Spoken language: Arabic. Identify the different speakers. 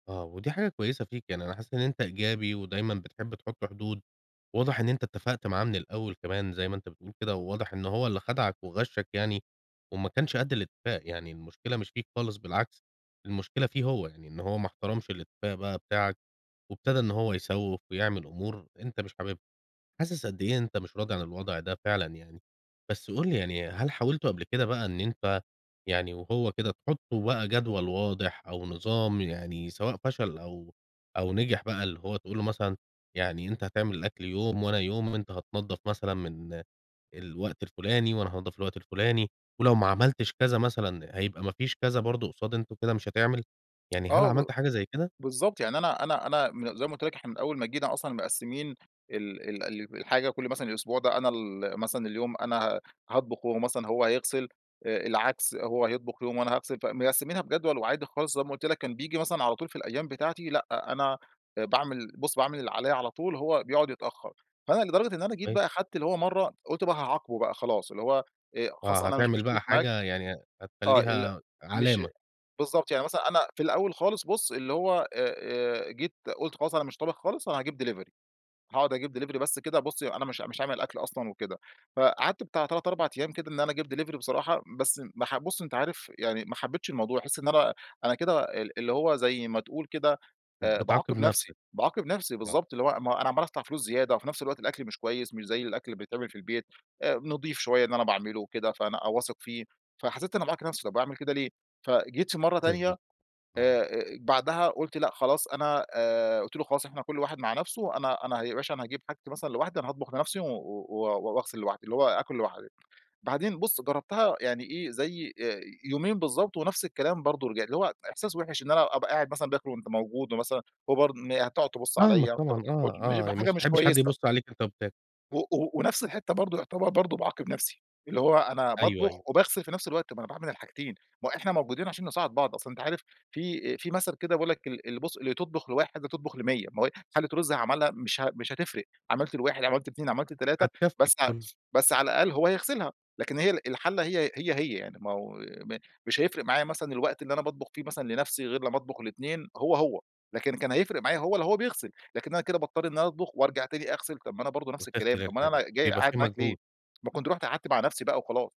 Speaker 1: آه، ودي حاجة كويّسة فيك يعني أنا حاسس إن أنت إيجابي ودايمًا بتحب تحط حدود، وواضح إن أنت اتفقت معاه من الأوّل كمان زي ما أنت بتقول كده، وواضح إن هو اللي خدعك وغشَّك يعني وما كانش قد الاتفاق، يعني المشكلة مش فيك خالص بالعكس، المشكلة فيه هو، يعني إن هو ما احترمش الاتفاق بقى بتاعك، وابتدى إن هو يسوِّف ويعمل أمور أنت مش حاببها، حاسس قد إيه أنت مش راضي عن الوضع ده فعلًا يعني. بس قل لي يعني هل حاولتوا قبل كده بقى إن أنت يعني وهو كده تحطوا بقى جدول واضح أو نظام يعني سواء فشل أو أو نجح بقى اللي هو تقول له مثلًا يعني أنت هتعمل الأكل يوم وأنا يوم وأنت هتنضف مثلًا من الوقت الفلاني وأنا هانظف الوقت الفلاني، ولو ما عملتش كذا مثلًا هيبقى ما فيش كذا برضو قُصاد أنت كده مش هتعمل؟ يعني هل
Speaker 2: آه ب
Speaker 1: عملت حاجة زي كده؟
Speaker 2: بالضبط، يعني أنا أنا أنا م زي ما قلت لك إحنا من أوّل ما جينا أصلًا مقسمين ال ال ال الحاجة كل مثلًا الأسبوع ده أنا ال مثلًا اليوم أنا ه هاطبخ، وهو مثلًا هو هيغسل، آآ العكس هو هيطبخ يوم وأنا هاغسل، فمقسمينها بجدول وعادي خلاص زي ما قلت لك، كان بييجي مثلًا على طول في الأيّام بتاعتي لأ، أنا آآ باعمل بُص باعمل اللي عليَّ على طول هو بيقعد يتأخر، فأنا لدرجة إن أنا جيت
Speaker 1: كويس.
Speaker 2: بقى خدت اللي هو مرّة قلت بقى هاعاقبه بقى خلاص اللي هو آآ، خلاص
Speaker 1: آه،
Speaker 2: أنا مش
Speaker 1: هتعمل
Speaker 2: مشترك
Speaker 1: بقى
Speaker 2: معاك
Speaker 1: حاجة يعني ه
Speaker 2: آه، ال
Speaker 1: هتخليها
Speaker 2: مش
Speaker 1: علامة.
Speaker 2: بالضبط، يعني مثلًا أنا في الأوّل خالص بُص اللي هو آآ، آآ، جيت قلت خلاص أنا مش طابخ خالص أنا هاجيب ديلفري. هاقعد أجيب ديلفري بس كده بُص أنا مش مش عامل أكل أصلًا وكده، فقعدت بتاع 3، 4 أيّام كده إن أنا أجيب دليڤري بصراحة بس ما ح بُص أنت عارف يعني ما حبيتش الموضوع، باحس إن أنا أنا كده ال اللي هو زي ما تقول كده آآ
Speaker 1: بتعاقب
Speaker 2: باعاقب نفسي،
Speaker 1: نفسك.
Speaker 2: باعاقب نفسي،
Speaker 1: آه.
Speaker 2: بالضبط ،اللي هو ما هو أنا عَمّال أدفع فلوس زيادة وفي نفس الوقت الأكل مش كويّس مش زي الأكل اللي بيتعمل في البيت، آآ نضيف شويّة إن أنا باعمله وكده فأنا أ واثق فيه فحسيت إن أنا باعاقب نفسي طب اعمل كده ليه؟ فجيت في مرّة
Speaker 1: حاسس
Speaker 2: تانية
Speaker 1: بيك. آه.
Speaker 2: آآ آآ، بعدها قلت لأ خلاص أنا آآ، قلت له خلاص إحنا كل واحد مع نفسه أنا أنا ياباشا أنا هاجيب حاجتي مثلًا لوحدي أنا هاطبخ لنفسي و و واغسل لوحدي اللي هو آكل لوحدي، بعدين بُص جربتها يعني إيه زي آآ، يومين بالضبط ونفس الكلام برضو رجع اللي هو إحساس وحش إن أنا أبقى قاعد مثلًا باكل وأنت موجود ومثلًا هو برضو م هتقعد تبص
Speaker 1: فاهمك
Speaker 2: عليَّ
Speaker 1: طبعًا، آه،
Speaker 2: [unintelligible] مش ب
Speaker 1: آه، مش
Speaker 2: حاجة
Speaker 1: ما
Speaker 2: مش
Speaker 1: بتحبش حد
Speaker 2: كويّسة.
Speaker 1: يبص عليك أنت وبتاكل.
Speaker 2: و و ونفس الحتّة برضو يعتبر برضو باعاقب نفسي، اللي هو أنا
Speaker 1: أيوه،
Speaker 2: باطبخ
Speaker 1: أيوه.
Speaker 2: وباغسل في نفس الوقت طب ما أنا باعمل الحاجتين، ما هو إحنا موجودين عشان نساعد بعض، أصل أنت عارف في آآ في مثل كده بيقول لك ال ال بُص اللي تطبخ ل1 تطبخ ل100 ما هو حلة رز عملها مش ه مش هتفرق عملت ل1 عملت ل2 عملت ل3
Speaker 1: هتكفي
Speaker 2: بس ع
Speaker 1: الكل.
Speaker 2: بس على الأقل هو هيغسلها، لكن هي ال الحلة هي هي، هي يعني ماهو م مش هيفرق معايا مثلًا الوقت اللي أنا باطبخ فيه مثلًا لنفسي غير لمّا أطبخ ل2 هو هو، لكن كان هيفرق معايا هو لو هو بيغسل، لكن أنا كده باضطر إن أنا أطبخ وأرجع تاني أغسل، طب ما أنا برضو نفس الكلام
Speaker 1: وتغسل
Speaker 2: أومال
Speaker 1: الحاجة،
Speaker 2: أنا جاي
Speaker 1: بيبقى
Speaker 2: قاعد
Speaker 1: في
Speaker 2: معاك ليه؟
Speaker 1: مجهود.
Speaker 2: ما كنت رحت مع نفسي بقى وخلاص.